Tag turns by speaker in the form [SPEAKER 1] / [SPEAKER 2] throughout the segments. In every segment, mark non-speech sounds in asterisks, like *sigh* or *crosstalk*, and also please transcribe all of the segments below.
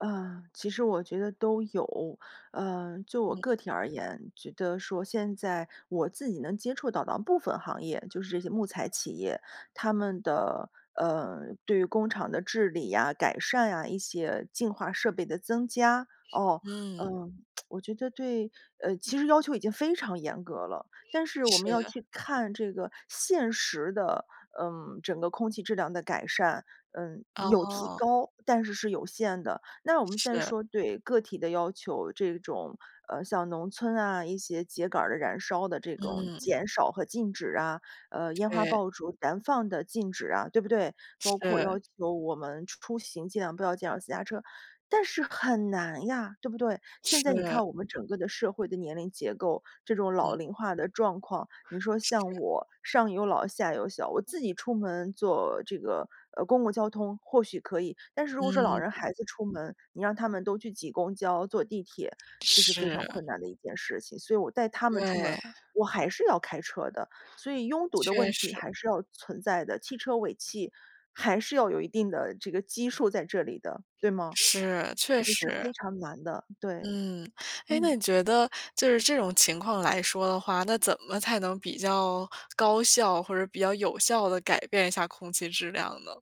[SPEAKER 1] 呃，其实我觉得都有。呃，就我
[SPEAKER 2] 嗯。
[SPEAKER 1] 个体而言，觉得说现在我自己能接触到的部分行业，就是这些木材企业，他们的呃，对于工厂的治理啊，改善啊，一些净化设备的增加。
[SPEAKER 2] 是，
[SPEAKER 1] 哦，嗯，
[SPEAKER 2] 嗯。
[SPEAKER 1] *tsk* 我觉得对呃，其实要求已经非常严格了，但是我
[SPEAKER 2] 是
[SPEAKER 1] 们要
[SPEAKER 2] 是。
[SPEAKER 1] 去看这个现实的，嗯，整个空气质量的改善，呃，有提
[SPEAKER 2] 哦。
[SPEAKER 1] 高，但是是有限的。那我们先
[SPEAKER 2] 是。
[SPEAKER 1] 说对个体的要求，这种，呃，像农村啊，一些秸秆儿的燃烧的这种
[SPEAKER 2] 嗯。
[SPEAKER 1] 减少和禁止啊，呃，烟花
[SPEAKER 2] 对。
[SPEAKER 1] 爆竹燃放的禁止啊，对不对？包括要
[SPEAKER 2] 是。
[SPEAKER 1] 求我们出行，尽量不要驾驶私家车。但是很难呀，对不对？现在你看
[SPEAKER 2] 是。
[SPEAKER 1] 我们整个的社会的年龄结构。这种老
[SPEAKER 2] 嗯。
[SPEAKER 1] 龄化的状况，你说像
[SPEAKER 2] 是。
[SPEAKER 1] 我，上有老下有小，我自己出门坐这个，呃，公共交通或许可以，但是如果说老人
[SPEAKER 2] 嗯。
[SPEAKER 1] 孩子出门，你让他们都去挤公交、坐地铁，这是非常
[SPEAKER 2] 是。
[SPEAKER 1] 困难的一件事情。所以我带他们出门，
[SPEAKER 2] 对。
[SPEAKER 1] 我还是要开车的。所以拥堵的
[SPEAKER 2] 确
[SPEAKER 1] 问题
[SPEAKER 2] 实。
[SPEAKER 1] 还是要存在的，汽车尾气还是要有一定的这个基数，在这里的，对吗？
[SPEAKER 2] 是，确
[SPEAKER 1] 也是
[SPEAKER 2] 实。
[SPEAKER 1] 非常难的，对。
[SPEAKER 2] 嗯，哎，那
[SPEAKER 1] 嗯。
[SPEAKER 2] 你觉得就是这种情况来说的话，那怎么才能比较高效，或者比较有效地改变一下空气质量呢？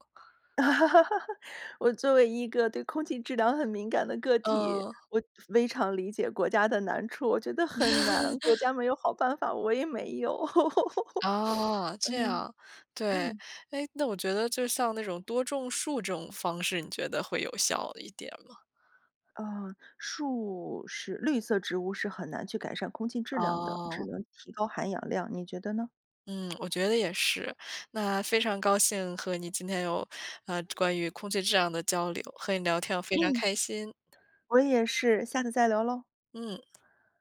[SPEAKER 1] *laughs* 我作为一个对空气质量很敏感的个体，
[SPEAKER 2] 嗯。
[SPEAKER 1] 我非常理解国家的难处，我觉得很难，国
[SPEAKER 2] *laughs*
[SPEAKER 1] 家没有好办法，我也没有。*laughs*
[SPEAKER 2] 哦，
[SPEAKER 1] *sniffs*
[SPEAKER 2] 这
[SPEAKER 1] 嗯，
[SPEAKER 2] 样，对，
[SPEAKER 1] 嗯。
[SPEAKER 2] 哎，那我觉得就像那种多种树这种方式，你觉得会有效的一点吗？
[SPEAKER 1] 啊，树是绿色植物，是很难去改善空气质量的，只
[SPEAKER 2] 哦。
[SPEAKER 1] 能提高含氧量，你觉得呢？
[SPEAKER 2] 嗯，我觉得也是。那非常高兴，和你今天有，呃，关于空气质量的交流，和你聊天非常
[SPEAKER 1] 嗯。
[SPEAKER 2] 开心。
[SPEAKER 1] 我也是，下次再聊咯。
[SPEAKER 2] 嗯。